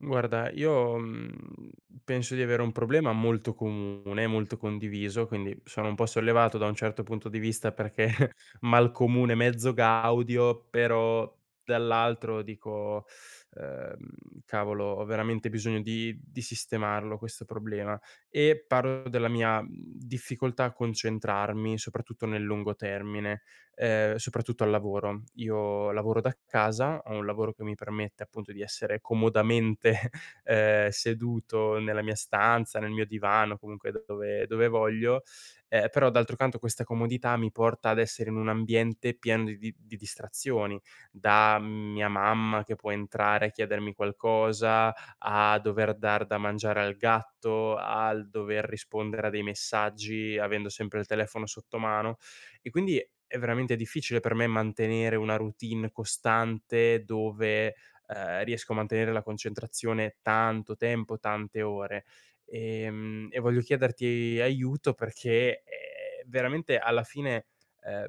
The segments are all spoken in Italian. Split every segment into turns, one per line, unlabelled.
Guarda, io, mhmm, penso di avere un problema molto comune, molto condiviso, quindi sono un po' sollevato da un certo punto di vista, perché "Mal comune, mezzo gaudio", però, dall'altro dico: "Uhm, cavolo, ho veramente bisogno di di sistemarlo questo problema". E parlo della mia, mhmm, difficoltà a concentrarmi, soprattutto, nel lungo termine, ehm, soprattutto al lavoro. Io lavoro da casa, ho un lavoro che mi permette, appunto, di essere comodamente, uhm, seduto nella mia stanza, nel mio divano, comunque da dove dove voglio, ehm, però, d'altro canto, questa comodità mi porta ad essere in un ambiente pieno di di di distrazioni: da mia mamma che può entrare e chiedermi qualcosa, a dover dar da mangiare al gatto, al dover rispondere a dei messaggi, avendo sempre il telefono sotto mano. E, quindi, è veramente difficile per me mantenere una routine costante, dove, uhm, riesco a mantenere la concentrazione tanto tempo, tante ore. E mhmm, e voglio chiederti aiuto perché, uhm, veramente alla fine, uhm,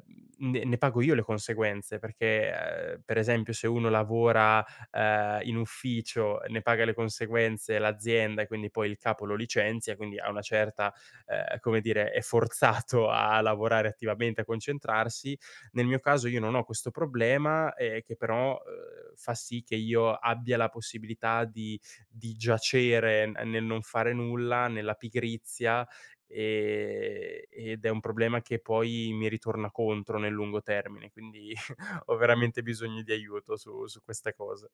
ne ne pago io le conseguenze perché, uhm, per esempio: se uno lavora, uhm, in ufficio, ne paga le conseguenze l'azienda, e, quindi, poi il capo lo licenzia, e, quindi, a una certa, uhm, come dire, è forzato a lavorare attivamente, a concentrarsi, nel mio caso, io non ho questo problema, ehm, che, però, uhm, fa sì che io abbia la possibilità di di giacere, ehm nel non fare nulla, nella pigrizia, ehm, ed è un problema che poi mi ritorna contro, nel lungo termine. Quindi, ho veramente bisogno di aiuto, su su queste cose.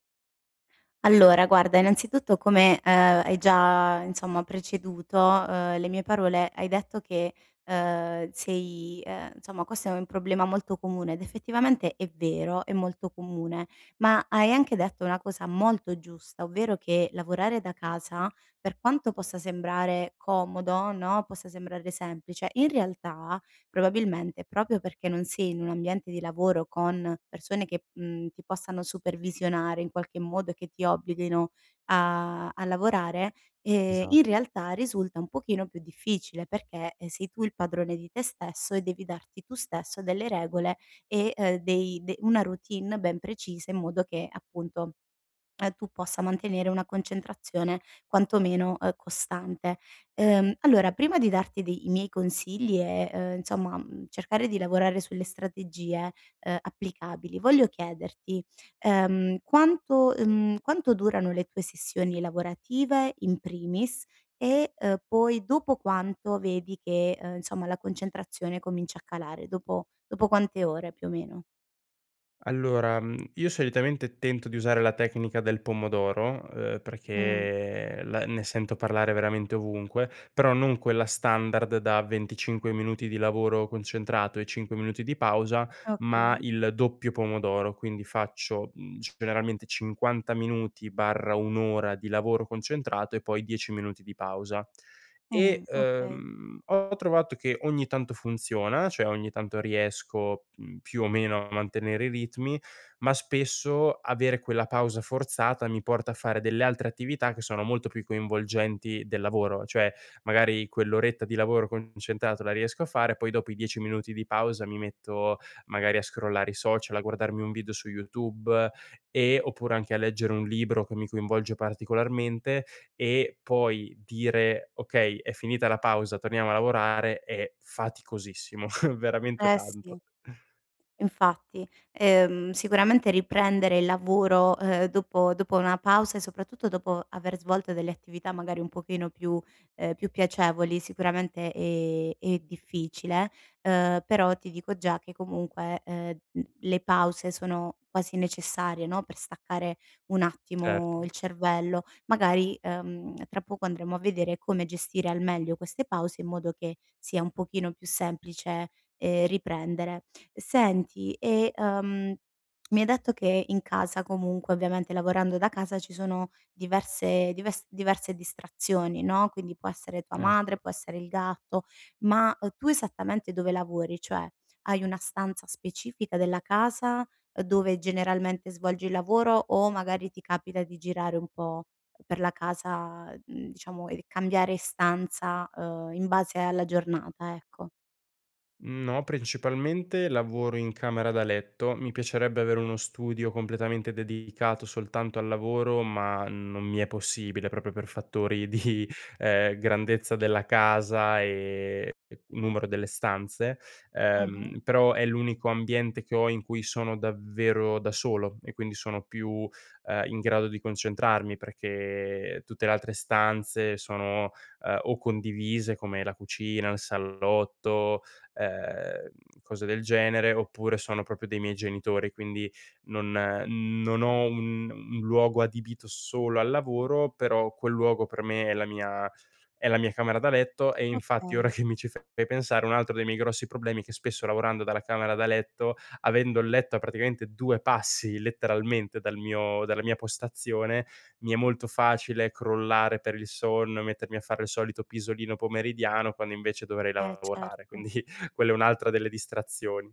Allora, guarda, innanzitutto, come, ehm, hai già, insomma, preceduto, ehm, le mie parole, hai detto che, ehm, sei, ehm insomma questo è un problema molto comune ed effettivamente è vero, è molto comune, ma hai anche detto una cosa molto giusta, ovvero che lavorare da casa, per quanto possa sembrare comodo, no, possa sembrare semplice, in realtà probabilmente proprio perché non sei in un ambiente di lavoro con persone che, mhmm, ti possano supervisionare in qualche modo, che ti obblighino a a lavorare, ehm,
Esa
in realtà risulta un pochino più difficile perché, eh, sei tu il padrone di te stesso e devi darti tu stesso delle regole e, ehm, dei de una routine ben precisa in modo che, appunto, ehm, tu possa mantenere una concentrazione quantomeno, ehm, costante. Ehm, allora, prima di darti de i miei consigli e ehm, insomma, mh, cercare di lavorare sulle strategie, ehm, applicabili, voglio chiederti: ehm, quanto, mhmm quanto durano le tue sessioni lavorative in primis, e ehm, poi dopo quanto vedi che, ehm, insomma, la concentrazione comincia a calare; dopo dopo quante ore più o meno?
Allora, mhmm, io solitamente tento di usare la tecnica del pomodoro, ehm,
Mh.
perché, ehm, la ne sento parlare veramente ovunque, però non quella standard da 25 minuti di lavoro concentrato e 5 minuti di pausa, ma
Okay.
il doppio pomodoro, quindi faccio, mhmm, c generalmente 50 minuti/1 ora di lavoro concentrato e poi 10 minuti di pausa.
Mh,
E,
okay.
ehm, ho trovato che ogni tanto funziona, cioè ogni tanto riesco, mhmm, più o meno a mantenere i ritmi, ma spesso avere quella pausa forzata mi porta a fare delle altre attività che sono molto più coinvolgenti del lavoro. Cioè magari quell'oretta di lavoro concentrato la riesco a fare, poi dopo i 10 minuti di pausa mi metto magari a scrollare i social, a guardarmi un video su YouTube e oppure anche a leggere un libro che mi coinvolge particolarmente e poi dire: "Okay, è finita la pausa, torniamo a lavorare", è faticosissimo, veramente
Eh
tanto.
si. Infatti. Ehm, sicuramente riprendere il lavoro, ehm, dopo dopo una pausa e soprattutto dopo aver svolto delle attività, magari un pochino più, ehm più piacevoli, sicuramente è è difficile, ehm, però ti dico già che comunque, ehm, l le pause sono quasi necessarie, no, per staccare un attimo
Certo.
il cervello. Magari, ehm, tra poco andremo a vedere come gestire al meglio queste pause in modo che sia un pochino più semplice, ehm, riprendere. Senti e, ehm, mi hai detto che in casa comunque, ovviamente lavorando da casa, ci sono diverse dives diverse distrazioni, no, quindi può essere tua
Eh, sì.
madre, può essere il gatto; ma, uhm, tu esattamente dove lavori? Cioè hai una stanza specifica della casa, uhm, dove generalmente svolgi il lavoro, o magari ti capita di girare un po' per la casa e, uhm, diciamo e cambiare stanza, ehm, in base alla giornata, ecco?
Mhmm, no, principalmente lavoro in camera da letto, mi piacerebbe avere uno studio completamente dedicato soltanto al lavoro ma non mi è possibile proprio per fattori di, ehm, grandezza della casa, ehm, e numero delle stanze;
Mh-mh.
ehm, però è l'unico ambiente che ho in cui sono davvero da solo e quindi sono più, ehm, in grado di concentrarmi, perché, ehm, tutte le altre stanze sono, ehm, o condivise come la cucina, il salotto, ehm, cose del genere, oppure sono proprio dei miei genitori. Quindi non, ehm, mhmm non ho un un luogo adibito solo al lavoro, però quel luogo per me è la mia é la mia camera da letto. E infatti ora
Okay.
che mi ci fai pe pensare un altro dei miei grossi problemi è che spesso lavorando dalla camera da letto, avendo il letto a praticamente due passi letteralmente dal mio dalla mia postazione, mi è molto facile crollare per il sonno, mettermi a fare il solito pisolino pomeridiano, quando invece dovrei
Eh,
lavorare;
certo.
quindi quella è un'altra delle distrazioni.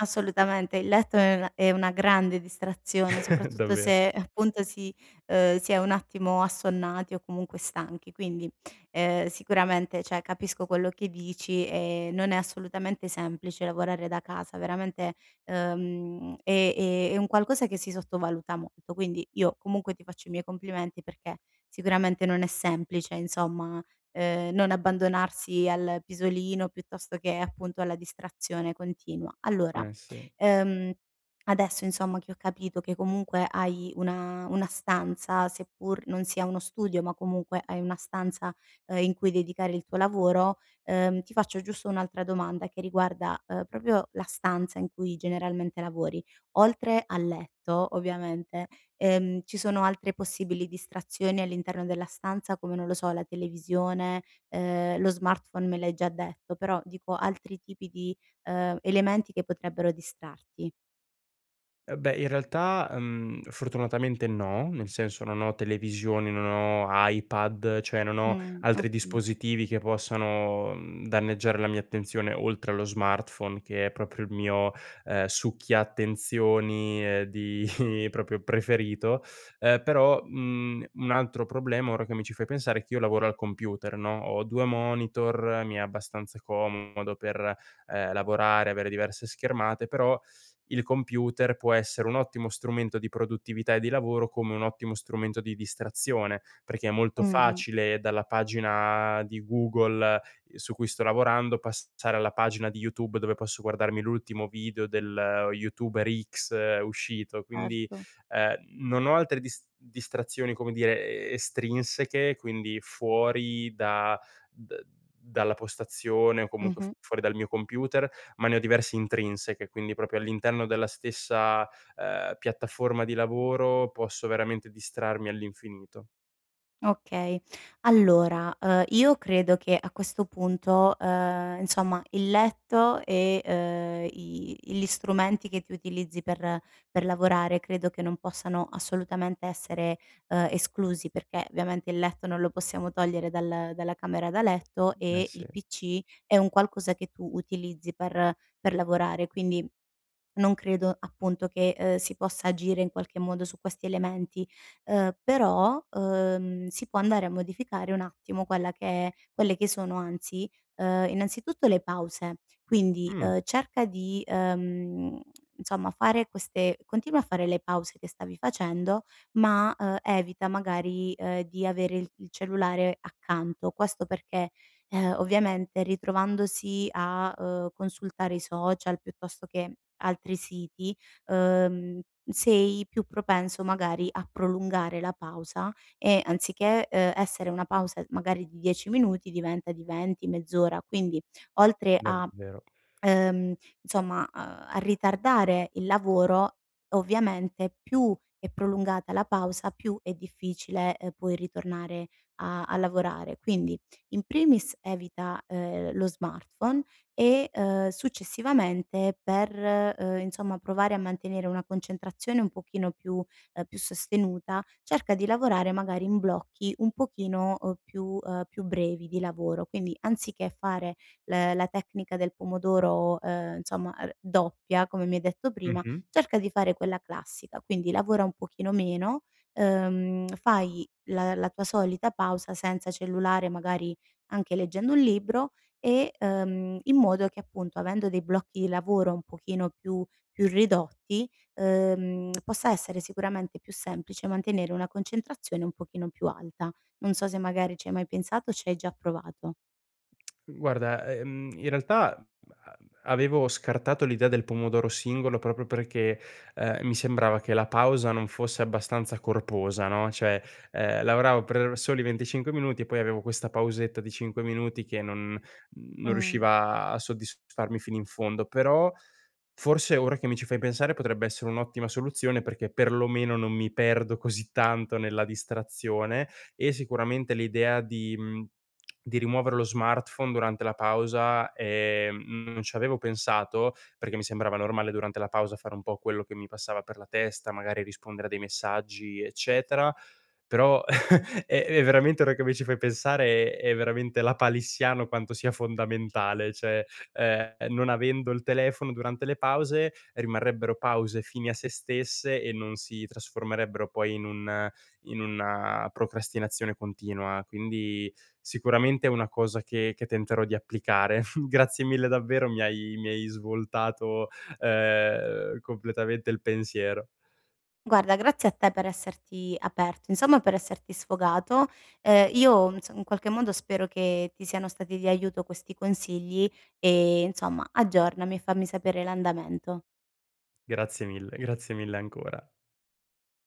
Assolutamente, il letto è una è una grande distrazione, soprattutto
Davve
se, appunto, si ehm, si è un attimo assonnati o comunque stanchi, quindi, ehm, sicuramente, cioè, capisco quello che dici e non è assolutamente semplice lavorare da casa, veramente, ehm, è è è un qualcosa che si sottovaluta molto, quindi io comunque ti faccio i miei complimenti perché sicuramente non è semplice, insomma, ehm, non abbandonarsi al pisolino piuttosto che, appunto, alla distrazione continua. Allora,
Eh, sì.
ehm, adesso, insomma, che ho capito che comunque hai una una stanza, seppur non sia uno studio, ma comunque hai una stanza, ehm, in cui dedicare il tuo lavoro, ehm, ti faccio giusto un'altra domanda che riguarda, ehm, proprio la stanza in cui generalmente lavori. Oltre al letto, ovviamente, ehm, ci sono altre possibili distrazioni all'interno della stanza, come, non lo so, la televisione? Ehm, lo smartphone me l'hai già detto, però, dico, altri tipi di, ehm, elementi che potrebbero distrarti.
Eh, beh, in realtà, mhmm, fortunatamente, no, nel senso non ho televisioni, non ho iPad, cioè non ho
Mh,
altri
okay.
dispositivi che possano, mhmm, danneggiare la mia attenzione oltre allo smartphone, che è proprio il mio, ehm, succhia attenzioni, uhm, di proprio preferito, ehm, però, mhmm, un altro problema, ora che mi ci fai pensare, è che io lavoro al computer, no? Ho due monitor, mi è abbastanza comodo per, ehm, lavorare, avere diverse schermate, però il computer può essere un ottimo strumento di produttività e di lavoro come un ottimo strumento di distrazione, perché è molto
Mh-mh.
facile dalla pagina di Google su cui sto lavorando passare alla pagina di YouTube, dove posso guardarmi l'ultimo video del YouTuber X uscito, quindi,
Certo.
ehm, non ho altre dis distrazioni, come dire, e estrinseche, quindi fuori da d dalla postazione o comunque f
Mh-mh.
fuori dal mio computer, ma ne ho diverse intrinseche, quindi proprio all'interno della stessa, ehm, piattaforma di lavoro, posso veramente distrarmi all'infinito.
Okay, allora, ehm, io credo che a questo punto, ehm, insomma, il letto e, ehm, i gli strumenti che tu utilizzi per per lavorare credo che non possano assolutamente essere, ehm, esclusi perché, ovviamente, il letto non lo possiamo togliere dal dalla camera da letto
Eh
e
sì.
il PC è un qualcosa che tu utilizzi per per lavorare, quindi non credo, appunto, che, uhm, si possa agire, in qualche modo, su questi elementi. Uhm, però, uhm, si può andare a modificare un attimo quella che è quelle che sono, anzi, uhm, anzi, innanzitutto, le pause, quindi,
Mh.
uhm, cerca di, uhm, insomma, fare queste continua a fare le pause che stavi facendo, ma, uhm, evita magari, uhm, di, avere i il cellulare accanto. Questo perché, uhm, ovviamente, ritrovandosi a, uhm, consultare i social piuttosto che altri siti, uhm, sei più propenso magari a prolungare la pausa e, anziché, uhm, essere una pausa magari di 10 minuti, diventa di 20, mezz'ora, quindi oltre a
Davvero.
uhm, insomma, a a ritardare il lavoro, ovviamente, più è prolungata la pausa più è difficile, uhm, poi ritornare a a lavorare. Quindi, in primis, evita, ehm, lo smartphone e, uhm, successivamente, per, uhm, insomma, provare a mantenere una concentrazione un pochino più uhm, più sostenuta, cerca di lavorare magari in blocchi un pochino, uhm, più uhm, più brevi di lavoro, quindi anziché fare l la tecnica del pomodoro, uhm, insomma, uhm, doppia, come mi hai detto prima,
Mh-mh.
cerca di fare quella classica, quindi lavora un pochino meno, uhm, fai la la tua solita pausa senza cellulare, magari anche leggendo un libro e uhm, in modo che, appunto, avendo dei blocchi di lavoro un pochino più più ridotti, uhm, possa essere sicuramente più semplice mantenere una concentrazione un pochino più alta. Non so se magari ci hai mai pensato o ci hai già provato.
Guarda, ehm, in realtà a avevo scartato l'idea del pomodoro singolo proprio perché, ehm, mi sembrava che la pausa non fosse abbastanza corposa, no, cioè, ehm, lavoravo per soli 25 minuti e poi avevo questa pausetta di 5 minuti che non non
Mh.
riusciva a soddisfarmi fino in fondo. Però, forse ora che mi ci fai pensare, potrebbe essere un'ottima soluzione perché perlomeno non mi perdo così tanto nella distrazione, e sicuramente l'idea di, mhmm di rimuovere lo smartphone durante la pausa, ehm, non ci avevo pensato perché mi sembrava normale durante la pausa fare un po' quello che mi passava per la testa, magari rispondere a dei messaggi, eccetera; però è è veramente ora che mi ci fai pensare, è veramente lapalissiano quanto sia fondamentale, cioè, ehm, non avendo il telefono durante le pause rimarrebbero pause fini a sé stesse e non si trasformerebbero poi in un in una procrastinazione continua; quindi sicuramente è una cosa che che tenterò di applicare. Grazie mille, davvero, mi hai mi hai svoltato, ehm, completamente il pensiero.
Guarda, grazie a te per esserti aperto insomma per esserti sfogato. Ehm, io ins in qualche modo spero che ti siano stati di aiuto questi consigli e, insomma, aggiornami, fammi sapere l'andamento.
Grazie mille, grazie mille ancora.